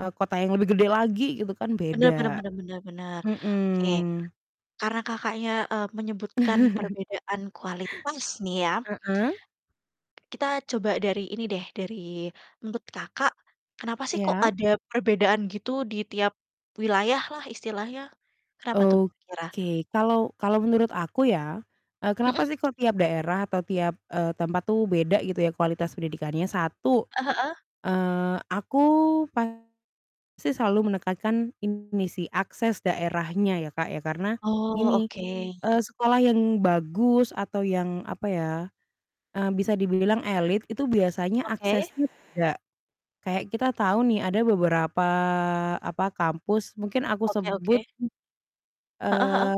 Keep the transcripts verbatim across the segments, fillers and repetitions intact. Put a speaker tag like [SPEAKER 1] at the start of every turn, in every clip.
[SPEAKER 1] Eee, kota yang lebih gede lagi gitu kan
[SPEAKER 2] Benar benar
[SPEAKER 1] beda.
[SPEAKER 2] benar benar benar. Oke,
[SPEAKER 1] Mhm.
[SPEAKER 2] karena Kakaknya, eee, menyebutkan perbedaan kualitas nih ya.
[SPEAKER 1] Heeh.
[SPEAKER 2] Kita coba dari ini deh, dari menurut Kakak kenapa sih kok
[SPEAKER 1] Ya.
[SPEAKER 2] ada perbedaan gitu di tiap wilayahlah istilahnya, kenapa tuh kira?
[SPEAKER 1] Oke, kalau kalau menurut aku ya, eee,
[SPEAKER 2] Mhm.
[SPEAKER 1] kenapa sih kok tiap daerah atau tiap, eee, tempat tuh beda gitu ya kualitas pendidikannya? satu,
[SPEAKER 2] Eee, heeh.
[SPEAKER 1] eee, aku pasti selalu menekankan ini sih akses daerahnya ya, Kak, ya karena
[SPEAKER 2] Oh,
[SPEAKER 1] gini,
[SPEAKER 2] oke.
[SPEAKER 1] eee, sekolah yang bagus atau yang apa ya, eee, bisa dibilang elite itu biasanya
[SPEAKER 2] Oke.
[SPEAKER 1] aksesnya beda. Kayak kita tahu nih ada beberapa apa, kampus mungkin aku
[SPEAKER 2] Oke
[SPEAKER 1] sebut
[SPEAKER 2] oke.
[SPEAKER 1] m
[SPEAKER 2] Heeh heeh.
[SPEAKER 1] eee,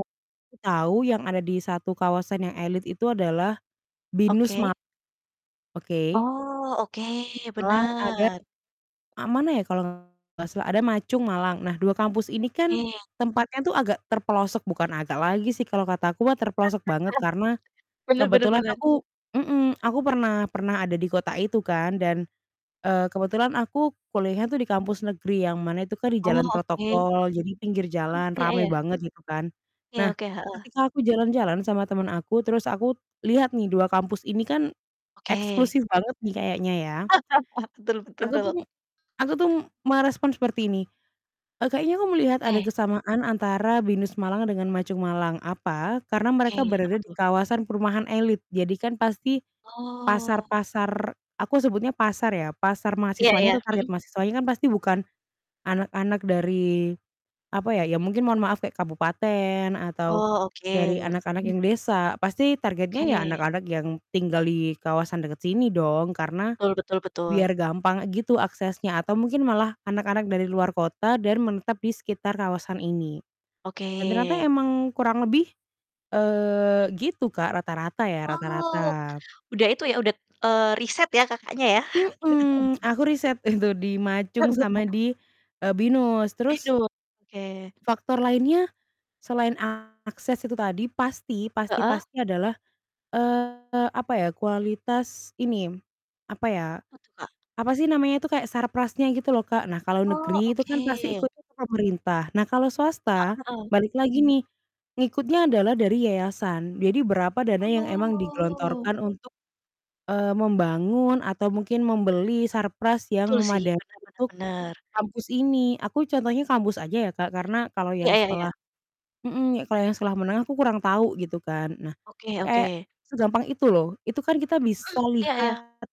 [SPEAKER 1] aku tahu yang ada di satu kawasan yang elite itu adalah Binus Ma
[SPEAKER 2] Oke.
[SPEAKER 1] Oke.
[SPEAKER 2] Oh, oke
[SPEAKER 1] M Malang ada
[SPEAKER 2] bener.
[SPEAKER 1] a mana ya kalau enggak salah ada Ma Chung Malang. Nah, dua kampus ini kan
[SPEAKER 2] Oke.
[SPEAKER 1] tempatnya tuh agak terpelosok, bukan agak lagi sih kalau kata aku mah terpelosok banget karena
[SPEAKER 2] Bener bener
[SPEAKER 1] kebetulan
[SPEAKER 2] bener.
[SPEAKER 1] aku mhm, aku pernah pernah ada di kota itu kan dan, eee, kebetulan aku kuliahnya tuh di kampus negeri yang mana itu kan di
[SPEAKER 2] Oh,
[SPEAKER 1] jalan
[SPEAKER 2] oke.
[SPEAKER 1] protokol, jadi pinggir
[SPEAKER 2] Mhm,
[SPEAKER 1] jalan
[SPEAKER 2] iya
[SPEAKER 1] rame
[SPEAKER 2] iya.
[SPEAKER 1] banget gitu kan.
[SPEAKER 2] Iya,
[SPEAKER 1] Nah,
[SPEAKER 2] oke. Heeh.
[SPEAKER 1] ketika aku jalan-jalan sama temen aku terus aku lihat nih dua kampus ini kan
[SPEAKER 2] Oke.
[SPEAKER 1] eksklusif banget nih kayaknya ya.
[SPEAKER 2] Betul
[SPEAKER 1] Aku tuh
[SPEAKER 2] betul.
[SPEAKER 1] m aku tuh merespon seperti ini, eee, kayaknya aku melihat ada
[SPEAKER 2] Oke.
[SPEAKER 1] kesamaan antara Binus Malang dengan Ma Chung Malang. Apa? Karena
[SPEAKER 2] Oke,
[SPEAKER 1] mereka berada
[SPEAKER 2] apa
[SPEAKER 1] di
[SPEAKER 2] tuh?
[SPEAKER 1] kawasan perumahan elite. Jadi kan pasti
[SPEAKER 2] Oh.
[SPEAKER 1] pasar-pasar aku sebutnya pasar ya, pasar
[SPEAKER 2] Iya
[SPEAKER 1] mahasiswanya
[SPEAKER 2] iya.
[SPEAKER 1] atau target
[SPEAKER 2] Mhm.
[SPEAKER 1] mahasiswanya kan pasti bukan anak-anak dari apa ya, ya mungkin mohon maaf kayak kabupaten atau
[SPEAKER 2] Oh, oke.
[SPEAKER 1] dari anak-anak
[SPEAKER 2] Mmm.
[SPEAKER 1] yang desa. Pasti targetnya ya
[SPEAKER 2] Oke.
[SPEAKER 1] anak-anak yang tinggal di kawasan dekat sini dong karena
[SPEAKER 2] Betul betul betul.
[SPEAKER 1] biar gampang gitu aksesnya atau mungkin malah anak-anak dari luar kota dan menetap di sekitar kawasan ini.
[SPEAKER 2] Oke.
[SPEAKER 1] Dan ternyata emang kurang lebih, eee, gitu Kak, rata-rata ya,
[SPEAKER 2] Oh,
[SPEAKER 1] rata-rata.
[SPEAKER 2] udah itu ya udet eee, riset ya Kakaknya ya.
[SPEAKER 1] Mhm. Aku riset itu di Ma Chung sama di, eee, Binus. Terus
[SPEAKER 2] Binus. Oke.
[SPEAKER 1] faktor lainnya selain akses itu tadi pasti pasti
[SPEAKER 2] Heeh.
[SPEAKER 1] pasti adalah, eee, apa ya, kualitas ini, apa ya,
[SPEAKER 2] Apa tuh, Kak?
[SPEAKER 1] apa sih namanya itu kayak sarprasnya gitu loh, Kak. Nah, kalau
[SPEAKER 2] Oh,
[SPEAKER 1] negeri itu kan pasti
[SPEAKER 2] oke.
[SPEAKER 1] ikutnya ke pemerintah. Nah, kalau
[SPEAKER 2] Heeh
[SPEAKER 1] swasta
[SPEAKER 2] heeh.
[SPEAKER 1] balik lagi nih ngikutnya adalah dari yayasan. Jadi berapa dana yang emang
[SPEAKER 2] Oh.
[SPEAKER 1] digelontorkan untuk, eee, membangun atau mungkin membeli sarpras yang
[SPEAKER 2] Betul sih.
[SPEAKER 1] memadai
[SPEAKER 2] Bener bener
[SPEAKER 1] untuk
[SPEAKER 2] bener.
[SPEAKER 1] kampus ini. Aku contohnya kampus aja ya, Kak, karena kalau
[SPEAKER 2] Iya
[SPEAKER 1] yang
[SPEAKER 2] iya iya.
[SPEAKER 1] sekolah mhm, kalau yang sekolah menengah aku kurang tahu gitu kan. Nah,
[SPEAKER 2] Oke
[SPEAKER 1] kayak
[SPEAKER 2] oke.
[SPEAKER 1] segampang itu loh. Itu kan kita
[SPEAKER 2] Mhm.
[SPEAKER 1] bisa
[SPEAKER 2] Iya iya.
[SPEAKER 1] lihat